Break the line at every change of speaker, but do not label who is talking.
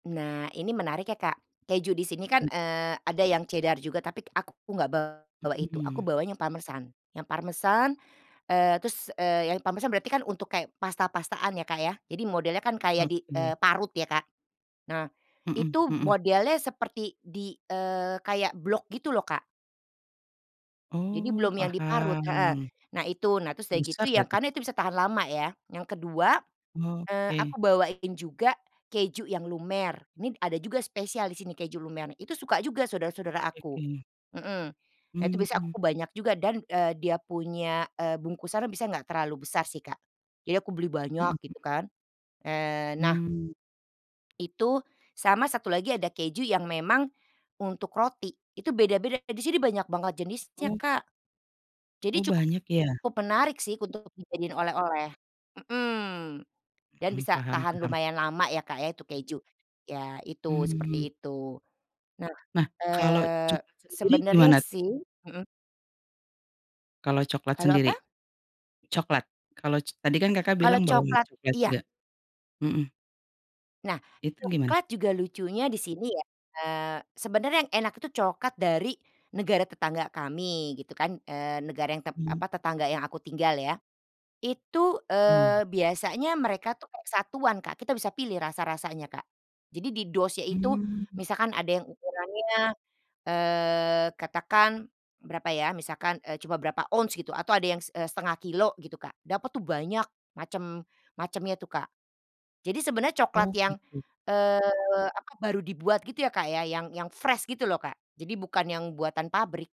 Nah, ini menarik ya Kak, keju di sini kan,
M
eee, ada yang Cheddar juga, tapi k aku k enggak bawa-bawa itu. Aku
Mhm.
bawanya yang pamersan, yang pamersan, eee, terus, eee, yang parmesan berarti kan untuk kayak pasta pastaan ya, Kak, ya. Jadi modelnya kan kayak di
Oke.
eee, parut ya, Kak. Nah,
Mhm
itu
mhm.
modelnya seperti di eee, kayak blok gitu loh, Kak. Jadi
Oh
belum yang diparut heeh.
paham.
Nah itu, nah terus sudah gitu
Besar
yang
berarti?
karena itu bisa tahan lama ya, yang kedua eee, aku
Oke.
bawain juga keju yang lumer, ini ada juga spesial di sini keju lumer nih. Itu suka juga saudara-saudara
Oke
aku,
oke.
mhm. Nah, itu biasanya
Mmm.
aku banyak juga dan, eee, dia punya, eee, bungkusannya biasa enggak terlalu besar sih, Kak. Jadi aku beli
Mhm
banyak
mhm.
gitu kan, eee, nah
Mmm.
itu, sama satu lagi ada keju yang memang untuk roti itu beda-beda, di sini banyak banget jenisnya,
Oh.
Kak.
Oh,
Jadi
banyak
cukup
ya?
menarik sih untuk dijadiin oleh-oleh, mhm. Dan
Mhm,
bisa
paham
tahan
paham.
lumayan lama ya, Kak, ya itu keju. Iya itu,
Mmm.
seperti itu. Nah,
Nah kalau
eee,
coklat sendiri
sebenarnya
gimana tuh?
sih mhm.
Kalau coklat
Kalau
sendiri?
apa?
Coklat? Kalau c tadi kan Kakak
Kalau
bilang bawa
coklat
coklat
iya.
juga, mhm.
Nah,
Itu gimana?
coklat juga lucunya di sini ya, eee, sebenarnya yang enak itu coklat dari negara tetangga kami gitu kan, eee, negara yang tep
Mmm.
apa, tetangga yang aku tinggal ya. Itu,
Oh.
eee, biasanya mereka tuh kayak satuan Kak, kita bisa pilih rasa rasanya Kak. jadi di dosnya itu
Mhm.
misalkan ada yang ukurannya, eee, katakan berapa ya, misalkan, eee, cuma berapa ons gitu atau ada yang, eee, 1/2 kilogram gitu, Kak. Dapat tuh banyak macem macemnya tuh Kak. Jadi sebenarnya coklat
Oh
yang,
gitu.
eee, apa, baru dibuat gitu ya, Kak, ya, yang yang fresh gitu loh Kak. Jadi bukan yang buatan pabrik.